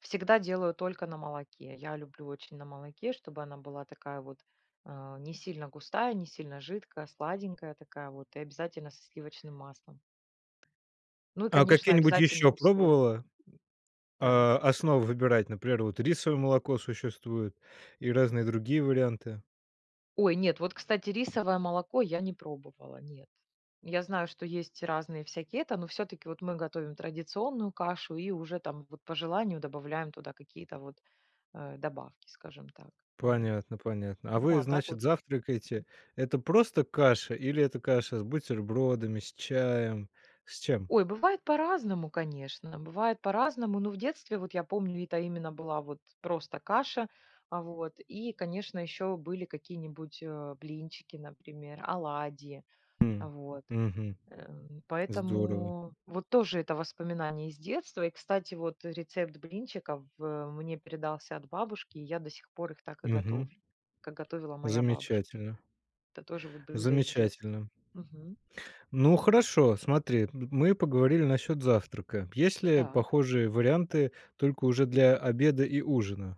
Всегда делаю только на молоке. Я люблю очень на молоке, чтобы она была такая вот, а, не сильно густая, не сильно жидкая, сладенькая такая вот и обязательно со сливочным маслом. Ну, и, А конечно, какие-нибудь обязательное еще условие пробовала, так. а, основы выбирать? Например, вот рисовое молоко существует и разные другие варианты? Ой, нет, вот кстати рисовое молоко я не пробовала, нет. Я знаю, что есть разные всякие это, но всё-таки вот мы готовим традиционную кашу и уже там вот, по желанию, добавляем туда какие-то вот, э, добавки, скажем так, вот. Понятно, понятно. А Ну, вы, а так вот значит, завтракаете это просто каша или это каша с бутербродами, с чаем? С чем? Ой, бывает по-разному, конечно, бывает по-разному. Но в детстве вот, я помню, это именно была вот просто каша, вот. И, конечно, еще были какие-нибудь, э, блинчики, например, оладьи. М. Вот. Мгм. Эм. Здорово. Поэтому, вот, тоже это воспоминания из детства. И, кстати, вот, рецепт блинчиков в мне передался от бабушки, и я до сих пор их так и Мгм. готовлю, как готовила моя бабушка. Замечательно. Это тоже вот блюдо из детства. Замечательно. Мгм. Ну, хорошо, смотри. М мы поговорили насчёт завтрака. Есть ли Так. похожие варианты, только уже для обеда и ужина?